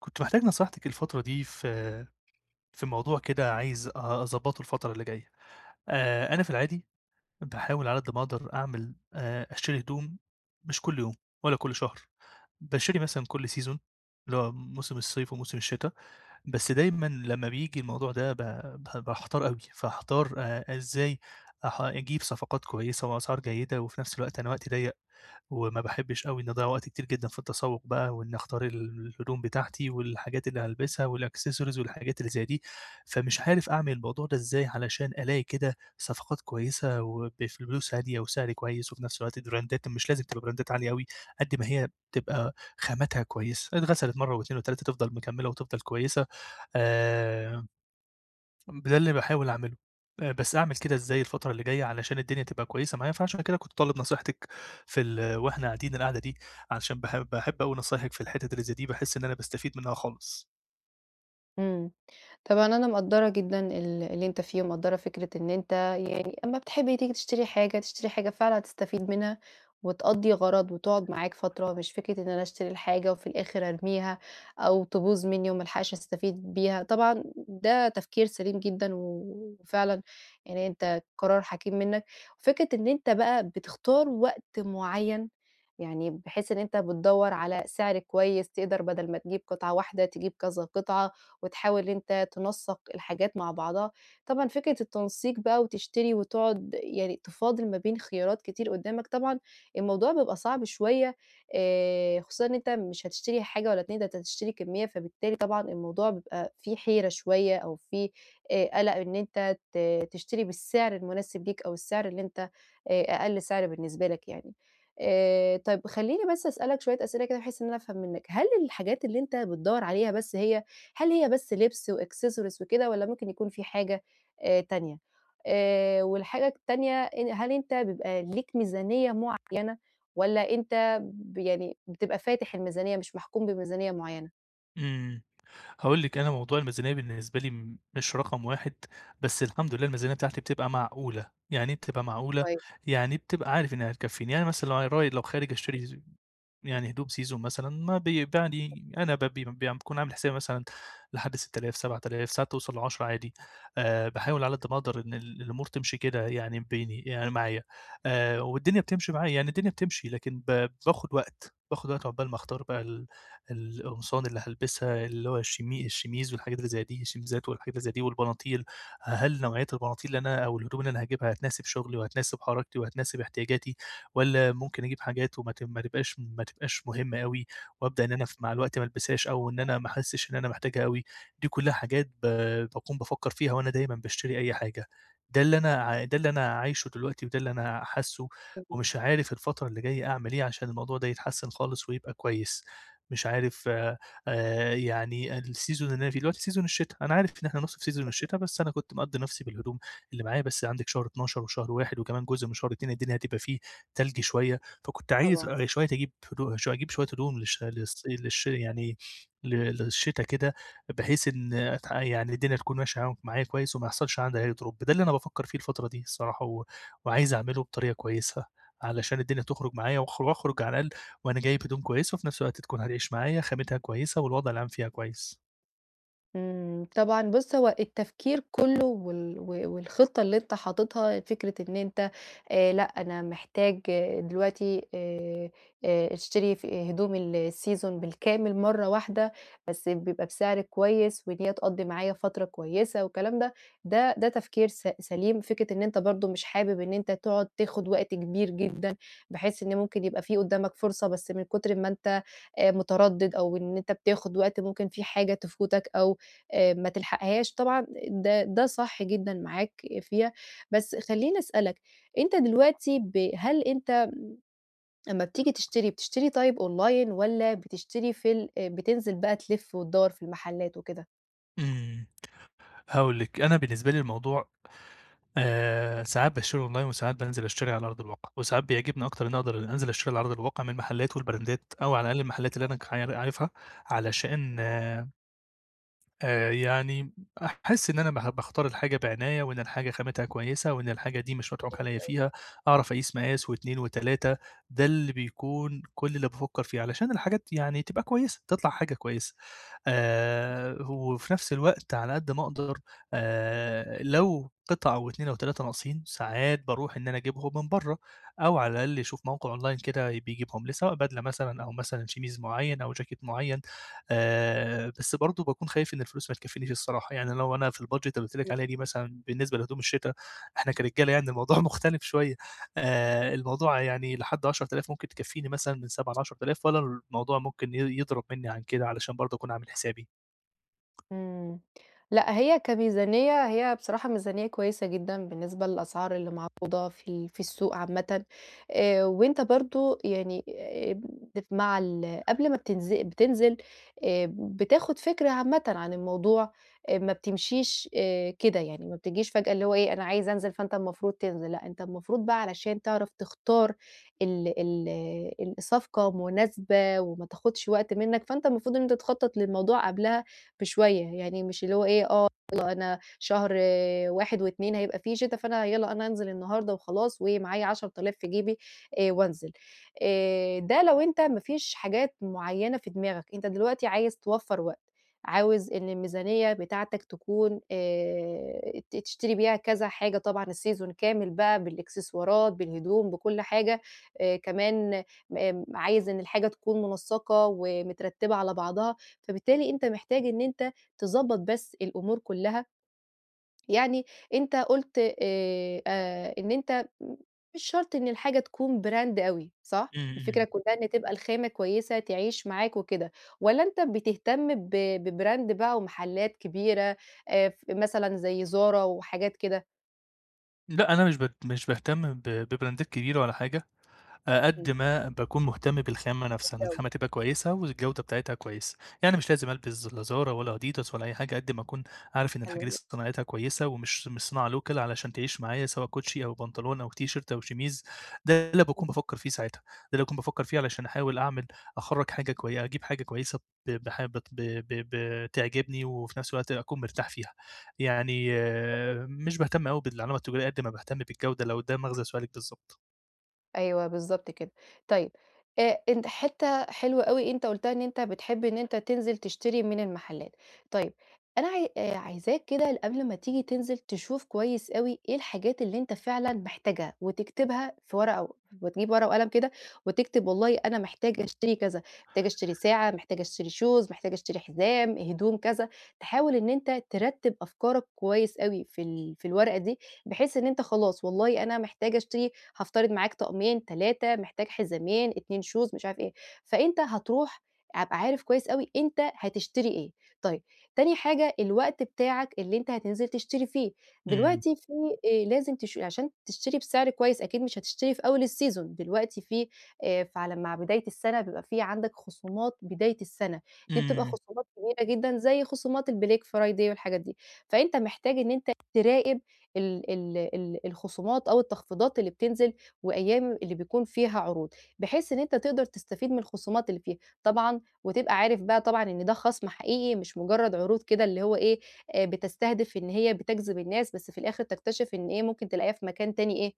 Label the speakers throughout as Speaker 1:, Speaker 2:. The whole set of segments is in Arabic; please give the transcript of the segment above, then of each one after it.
Speaker 1: كنت محتاج نصيحتِك الفترة دي في في موضوع كده عايز أ أضبّطه الفترة اللي جايّة. آآ أنا في العادي باحاول على قد ما أقدر أعمل آآ أشتري هدوم مش كل يوم ولا كل شهر، باشتري مثلًا كل سيزون اللي هو موسم الصيف وموسم الشِتا، بس دايمًا لمّا بييجي الموضوع ده ب ب باحتار أوي، فاحتار آآ إزاي أح أجيب صفقات كويسة وأسعار جيدة وفي نَفْس الوقت أنا وقتي ضيّق وما باحبّش أوي إن أضيّع وقت كتير جدًا في التسوُّق بقى، وإنّي أختار ال الهدوم بتاعتي والحاجات اللي هالبسها والaccessories والحاجات اللي زي دي، فمش عارف أعمل الموضوع ده إزاي علشان ألاقي كده صفقات كويسة وبفلوس هادية وسعر كويس وفي نَفْس الوقت براندات مش لازم تبقى براندات عالية أوي، قد ما هي تبقى خاماتها كويسة. اتغسلت مرّة و2 و3 تفضل مكمِّلة وتفضل كويسة، آآ ده اللي باحاول أعمله. آآ بس أعمل كده إزاي الفترة اللي جايّة علشان الدنيا تبقى كويسة معايا فعشان كده كنت طالب نصيحتِك في ال وإحنا قاعدين القعدة دي عشان باح باحب أوي نصايحِك في الحِتَت اللي زى دي، باحس إن أنا باستفيد منها خالص.
Speaker 2: إمم، طبعًا أنا مقدّرة جدًا ال اللي أنت فيه ومقدّرة فكرة إن أنت يعني أمّا بتحب تيجي تشتري حاجة تشتري حاجة فعلًا هتستفيد منها وتقضّي غَرَض وتقعُد معاك فترة مش فكرة إن أنا أشتري الحاجة وفي الآخِر أرميها أو تبوظ منّي وما ألحقش أستفيد بيها. طبعًا ده تفكير سليم جدًا و وفعلًا يعني أنت قرار حكيم منّك وفكرة إن أنت بقى بتختار وقت معيّن يعني بحيث إن أنت بتدوَّر على سعر كويس تقدر بَدَل ما تجيب قطعة واحدة تجيب كذا قطعة وتحاول أنت تنسَّق الحاجات مع بعضها، طبعًا فكرة التنسيق بقى وتشتري وتقعُد يعني تفاضِل ما بين خيارات كتير قُدّامك طبعًا، الموضوع بيبقى صعب شوية آآ خصوصًا إن أنت مش هتشتري حاجة والّا 2، ده أنت هتشتري كمّية، فبالتالي طبعًا الموضوع بيبقى فيه حيرة شوية أو فيه آآ قَلَق إن أنت ت تشتري بالسعر المناسب ليك أو السعر اللي أنت آآ أقَل سعر بالنسبة لك يعني. آآ طيب خلّيني بس أسألك شوية أسئلة كده بحيث إن أنا أفهم منّك، هل الحاجات اللي أنت بتدوَّر عليها بس هي هل هي بس لبْس وaccessories وكده والّا ممكن يكون في حاجة آآ تانية؟ آآ والحاجة التانية إن هل أنت بيبقى ليك ميزانية معينة والّا أنت ب يعني بتبقى فاتح الميزانية مش محكوم بميزانية معيّنة؟
Speaker 1: امم، هاقول لِك أنا موضوع الميزانية بالنسبة لي مش رقم 1 بس الحمد لله الميزانية بتاعتي بتبقى معقولة، يعني إيه بتبقى معقولة
Speaker 2: كويس.
Speaker 1: يعني بتبقى عارف إنها هتكفيني يعني مثلًا لو راي لو خارج أشتري يعني هدوم season مثلًا ما
Speaker 2: امم.
Speaker 1: [unintelligible] أنا ب ب باكون عامل حساب مثلًا لحد 6000 7000 ساعات توصل ل10 عادي. آآ، باحاول على قد ما أقدر إن ال الأمور تمشي كده يعني بيني يعني معايا، والدنيا بتمشي معايا يعني الدنيا بتمشي لكن ب باخد وقت، باخد وقت عقبال ما أختار
Speaker 2: امم.
Speaker 1: بقى ال القمصان اللي هالبسها اللي هو الشيمي الشيميز والحاجات اللي زي دي الشيميزات والحاجات اللي زي دي والبناطيل، ه هل نوعية البناطيل اللي أنا أو الهدوم اللي أنا هاجيبها هتناسب شغلي وهتناسب حركتي وهتناسب احتياجاتي، والّا ممكن أجيب حاجات وما ت ما تبقاش ما تبقاش مهمة أوي وأبدأ إن أنا أف مع الوقت ما ألبسهاش أو إن أنا ما أحسش إن أنا محتاجها أوي دي كلها حاجات، ب باكون بافكر فيها وأنا دايمًا باشتري أي حاجة ده اللي أنا ع ده اللي أنا عايشه دلوقتي وده اللي أنا حاسه
Speaker 2: امم.
Speaker 1: ومش عارف الفترة اللي جاية أعمل إيه عشان الموضوع ده يتحسن خالص، ويبقى كويس مش عارف آآ، يعني السيزون اللي أنا فيه دلوقتي في سيزون الشتا، أنا عارف إن إحنا نص في سيزون
Speaker 2: [unintelligible]
Speaker 1: الشتا بس أنا كنت مقضي نفسي بالهدوم اللي معايا بس عندِك شهر 12 وشهر 1 وكمان جزء من شهر 2 الدنيا هتبقى فيه تلج شوية، فكنت عايز
Speaker 2: طبعًا.
Speaker 1: شوية أجيب هدو أجيب شوية هدوم للش للص للش يعني ل للشتا كده، بحيث إن ات يعني الدنيا تكون ماشية ع معايا كويس وما يحصلش عندي أي drop ده اللي أنا بافكر فيه الفترة دي الصراحة، و وعايز أعمله بطريقة كويسة علشان الدنيا تخرج معايا وأخ وأخرج على الأقل وأنا جايب هدوم كويسة، وفي نفس الوقت تكون هتعيش معايا خامتها كويسة والوضع العام فيها كويس.
Speaker 2: إمم، طبعًا بُصّ هو التفكير كلّه، وال و والخطّة اللي أنت حاطتها فكرة إن أنت آآ، لأ أنا محتاج دلوقتي آآ آآ، اشتري في هدوم السيزون بالكامل مرّة واحدة بس بيبقى بسعر كويّس، وإن هي تقضّي معايا فترة كويّسة والكلام ده، ده ده تفكير س سليم، فكرة إن أنت برضه مش حابب إن أنت تقعُد تاخُد وقت كبير جدًا بحيث إن ممكن يبقى في قدّامك فرصة بس من كتر ما أنت آآ مُتردد أو إن أنت بتاخُد وقت ممكن في حاجة تفوتك أو آآ، ما تلحقهاش طبعًا د-ه ده صح جدًا معاك فيها، بس خلّيني اسألك أنت دلوقتي ب هل أنت أمّا بتيجي تشتري بتشتري طيب أونلاين والّا بتشتري في ال أ بتنزِل بقى تلِف وتدوّر في المحلات وكده؟
Speaker 1: إمم، هاقول لِك، أنا بالنسبة لي الموضوع آآ، ساعات باشتري أونلاين وساعات بانزِل اشتري على أرض الواقع وساعات بيعجبني أكتر إنّي اقدر إن انزِل اشتري اللي على أرض الواقع، من محلات والبراندات أو على الأقل المحلات اللي أنا ك يعني عارفها عشان آآ آآ، يعني أحس إن أنا مه باختار الحاجة بعناية وإن الحاجة خامتها كويّسة وإن الحاجة دي مش مضحوك عليّا
Speaker 2: [unintelligible]
Speaker 1: فيها، أعرف اقيس مقاس و2 و3 ده اللي بيكون كل اللي بافكر فيه علشان الحاجات يعني تبقى كويّسة تطلع حاجة كويّسة
Speaker 2: [unintelligible]
Speaker 1: آآ، وفي نفس الوقت على قد ما اقدر آآ، لو قطعة أو 2 أو 3 ناقصين ساعات باروح إن أنا اجيبهم من برّا أو على الأقل يشوف موقع أونلاين كده بيجيبهم لي سواء بدلَة مثلًا أو مثلًا شيميز معيّن أو جاكيت معيّن آآ، بس برضه باكون خايف إن الفلوس ما تكفينيش الصراحة، يعني لو أنا في البادجد اللي قُلت لِك
Speaker 2: [unintelligible]
Speaker 1: عليها دي مثلًا بالنسبة لدوم الشتا إحنا كرجال يعني الموضوع مختلف شويّة آآ، الموضوع يعني لحد 10000 ممكن تكفيني مثلًا من 7 ل10000 فعلًا الموضوع ممكن ي يضرب مني عن كده؟ علشان برضه أكون عامل حسابي.
Speaker 2: إمم، لأ هي كميزانيّة هي بصراحة ميزانيّة كويّسة جدًا، بالنسبة للأسعار اللي معروضة في ال في السوق عامةً آآ، وأنت برضه يعني آمم، مع ال قبل ما بتنز بتنزِل آآ، بتاخُد فكرة عامةً عن الموضوع أ ما بتمشيش آآ، كده يعني ما بتجيش فجأة اللي هو إيه أنا عايز أنزِل فأنت المفروض تنزِل، لأ أنت المفروض بقى علشان تعرف تختار ال ال الصفقة مناسبة وما تاخُدش وقت منّك فأنت المفروض إن أنت تخطط للموضوع قبلها بشويّة، يعني مش اللي هو إيه آه وأنا شهر 1 و2 هيبقى في شِتة فأنا يالّا أنا أنزِل النهاردة وخلاص ومعايا 10000 في جيبي آآ، وأنزِل آآ، ده لو أنت ما فيش حاجات معيّنة في دماغك أنت دلوقتي عايز توفّر وقت عاوز إن الميزانيّة بتاعتك تكون آآ، ت تشتري بيها كذا حاجة طبعًا الseason كامل بقى بالإكسسوارات بالهدوم بكل حاجة آآ، كمان إمم، عايز إن الحاجة تكون منسّقة ومترتبة على بعضها فبالتالي أنت محتاج إن أنت تضبط بس الأمور كلها، يعني أنت قُلت آآ أ إن أنت مش شرط إن الحاجة تكون براند أوي صح؟
Speaker 1: إمم،
Speaker 2: الفكرة
Speaker 1: إمم.
Speaker 2: كلها إن تبقى الخامة كويّسة تعيش معاك وكده والّا أنت بتهتم ب ببراند بقى ومحلّات كبيرة آآ، ف مثلًا زي زارا وحاجات كده؟
Speaker 1: لأ أنا مش ب مش باهتم ب ببرندات كبيرة ولا حاجة
Speaker 2: امم.
Speaker 1: قد ما باكون مهتم بالخامة نفسها إن الخامة
Speaker 2: الجودة.
Speaker 1: تبقى كويسة والجودة بتاعتها كويسة، يعني مش لازم ألبس لا Zara ولا adidas ولا أي حاجة قد ما أكون عارف إن الحاجة
Speaker 2: حلو
Speaker 1: دي
Speaker 2: ده.
Speaker 1: صناعتها كويسة ومش مش صناعة local علشان تعيش معايا سواء كوتشي أو بنطلون أو تيشيرت أو شميز ده اللي باكون
Speaker 2: اهم.
Speaker 1: بافكر فيه ساعتها ده اللي باكون بافكر فيه علشان أحاول أعمل أخرج حاجة كوي أجيب حاجة كويسة ب بحا ب ب ب ب بتعجبني وفي نفس الوقت أكون مرتاح فيها. يعني
Speaker 2: [unintelligible]
Speaker 1: آآ، مش باهتم أوي بالعلامة التجارية قد ما باهتم بالجودة لو ده مغزى سؤالِك بالضبط.
Speaker 2: أيوه بالضبط كده، طيب آآ، أنت حتة حلوة أوي أنت قُلتها إن أنت بتحب إن أنت تنزل تشتري من المحلات، طيب، أنا عاي آآ، عايزاك كده قبل ما تيجي تنزل تشوف كويس أوي إيه الحاجات اللي أنت فعلًا محتاجها. وتكتبها في ورقة، و وتجيب ورق وقلم كده وتكتب والله أنا محتاج أشتري كذا، محتاج أشتري ساعة محتاج أشتري shoes محتاج أشتري حزام هدوم كذا، تحاول إن أنت ترتب أفكارك كويس أوي في ال في الورقة دي بحيث إن أنت خلاص والله أنا محتاج أشتري هافترض معاك طقمين 3 محتاجة حزامين 2 شوز مش عارف إيه، فأنت هتروح هابقى عارف كويس أوي أنت هتشتري إيه، طيب تاني حاجة الوقت بتاعك اللي أنت هتنزل تشتري فيه،
Speaker 1: امم.
Speaker 2: دلوقتي في آآ، لازم تش عشان تشتري بسعر كويس أكيد مش هتشتري في أول السيزون دلوقتي في آآ، فعلي مع بداية السنة بيبقى في عندك خصومات بداية السنة دي بتبقى
Speaker 1: امم.
Speaker 2: خصومات كبيرة جدًا زي خصومات الBlack Friday والحاجات دي فأنت محتاج إن أنت تراقب ال ال ال الخصومات أو التخفيضات اللي بتنزل وأيام اللي بيكون فيها عروض بحيث إن أنت تقدر تستفيد من الخصومات اللي فيه طبعًا وتبقى عارف بقى طبعًا إن ده خصم حقيقي، مش مجرد عروض كده اللي هو إيه بتستهدف إن هي بتجذب الناس بس في الآخر تكتشف إن إيه ممكن تلاقيها في مكان تاني إيه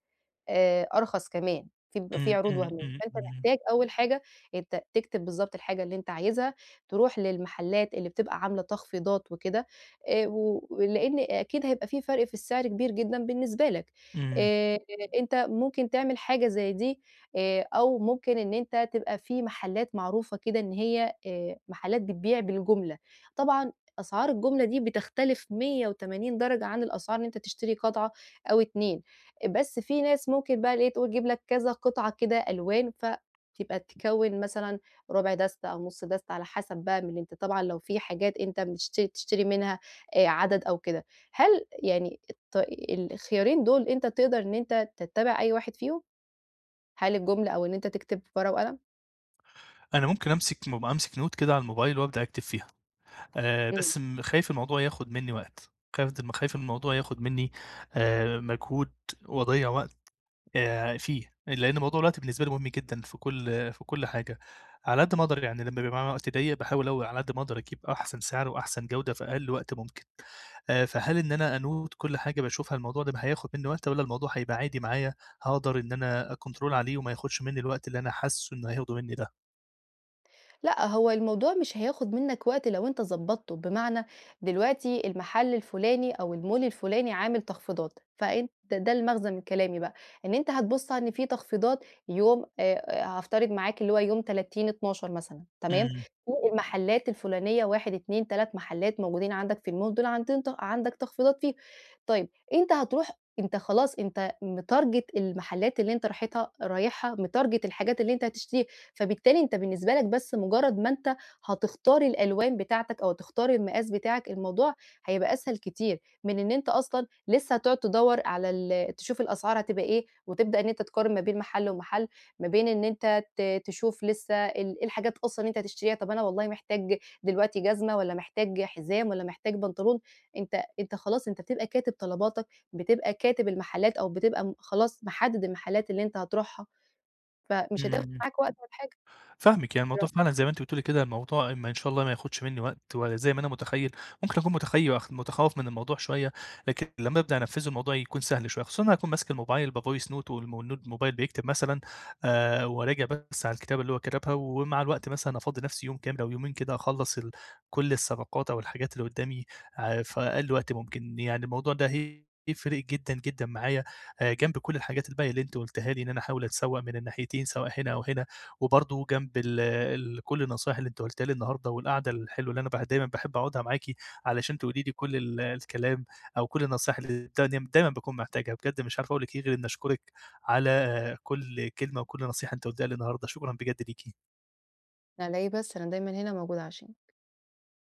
Speaker 2: آآ، أرخص كمان في بيبقي في
Speaker 1: امم،
Speaker 2: عروض
Speaker 1: امم،
Speaker 2: وهمية،
Speaker 1: امم،
Speaker 2: فأنت
Speaker 1: امم.
Speaker 2: محتاج أول حاجة أنت تكتب بالضبط الحاجة اللي أنت عايزها تروح للمحلات اللي بتبقى عاملة تخفيضات وكده آآ، و ولإن أكيد هيبقى في فرق في السعر كبير جدًا بالنسبة لك
Speaker 1: امم.
Speaker 2: آآ، أنت ممكن تعمل حاجة زي دي آآ، أو ممكن إن أنت تبقى في محلات معروفة كده إن هي آآ، محلات بتبيع بالجملة طبعًا أسعار الجملة دي بتختلف 180 درجة عن الأسعار اللي أنت تشتري قطعة أو 2 بس في ناس ممكن بقى اللي هي تقول تجيب لك كذا قطعة كده ألوان فتبقى تكّون مثلًا ربع دستة أو نُص دستة على حسب بقى من أنت طبعًا لو في حاجات أنت بتش تشتري منها آآ، عدد أو كده، هل يعني الط الخيارين دول أنت تقدر إن أنت تتبع أي واحد فيهم؟ هل الجملة أو إن أنت تكتب في ورقه وقل؟
Speaker 1: أنا ممكن أمسك أمسك note كده على الموبايل وأبدأ أكتب فيها آآ،
Speaker 2: امم.
Speaker 1: بس خايف الموضوع ياخد مني وقت خايف خايف إن الموضوع ياخد مني آآ، مجهود وأضيع وقت آآ، فيه لأن موضوع الوقت بالنسبة لي مهم جدًا في كل في كل حاجة على قد ما أقدر يعني لما بيبقى معايا وقت ضيق باحاول أو على قد ما أقدر أجيب أحسن سعر وأحسن جودة في أقل وقت ممكن، فهل إن أنا أنوت كل حاجة باشوفها الموضوع ده هياخد مني وقت، والّا الموضوع هيبقى عادي معايا هأقدر إن أنا أكنترول عليه وما يخدش مني الوقت اللي أنا حاسه إنه هياخده مني ده؟
Speaker 2: لأ هو الموضوع مش هياخد منك وقت لو أنت ضبّطته، بمعنى دلوقتي المحل الفلاني أو المول الفلاني عامل تخفيضات، فأنت ده المغزى من كلامي بقى إن أنت هتبص إن في تخفيضات يوم آآ، هافترض معاك اللي هو يوم 30-12 مثلًا تمام
Speaker 1: امم.
Speaker 2: في المحلات الفلانية 1 2 3 محلات موجودين عندك في المول دول عندنا ت عندك تخفيضات فيهم طيب أنت هتروح أنت خلاص أنت متارجيت المحلات اللي أنت راحتها رايحها متارجيت الحاجات اللي أنت هتشتريها، فبالتالي أنت بالنسبة لك بس مجرد ما أنت هتختار الألوان بتاعتك أو تختار المقاس بتاعك الموضوع هيبقى أسهل كتير، من إن أنت أصلًا لسه هتقعد تدور على ال تشوف الأسعار هتبقى إيه، وتبدأ إن أنت تقارن ما بين محل ومحل ما بين إن أنت ت تشوف لسه ال إيه الحاجات أصلًا اللي أنت هتشتريها، طب أنا والله محتاج دلوقتي جزمة والّا محتاج حزام والّا محتاج بنطلون، أنت أنت خلاص أنت بتبقى كاتب طلباتك بتبقى كاتب المحلات أو بتبقى م خلاص محدد المحلات اللي أنت هتروحها فمش هتاخد
Speaker 1: امم.
Speaker 2: معاك وقت ولا حاجة.
Speaker 1: فاهمِك، يعني
Speaker 2: إيه رأي
Speaker 1: الموضوع فعلًا زي ما أنتِ بتقولي كده الموضوع م إن شاء الله ما يخدش مني وقت، ولا زي ما أنا متخيل ممكن أكون متخي خ متخوف من الموضوع شوية لكن لما أبدأ أنفذه الموضوع يكون سهل شوية، خصوصًا إن أنا هاكون ماسك الموبايل بvoice note والم والnote الموبايل بيكتب مثلًا آآ، وأراجع بس على الكتابة اللي هو كتبها ومع الوقت مثلًا أفضِّي نفسي يوم كامل أو يومين كده أخلص ال كل الصفقات أو الحاجات اللي قدامي ع في أقل وقت ممكن يعني الموضوع ده هيفرق جدًا، جدًا، معايا آآ، جنب كل الحاجات الباقية اللي أنتِ قُلتيها لي إن أنا أحاول أتسوق من الناحيتين سواء هنا أو هنا، وبرضه جنب ال ال كل النصايح اللي أنتِ قلتيها لي النهاردة والقعدة الحلوة اللي أنا ب دايمًا باحب أقعدها معاكِ، علشان تقولي لي كل ال الكلام أو كل النصايح اللي [unintelligible] دايمًا باكون محتاجها، بجد مش عارف أقول لِك إيه غير إني أشكرِك على كل كلمة وكل نصيحة أنتِ قُلتيها لي النهاردة، شكرًا بجد ليكِ.
Speaker 2: على إيه بس، أنا دايمًا هنا موجودة عشانك.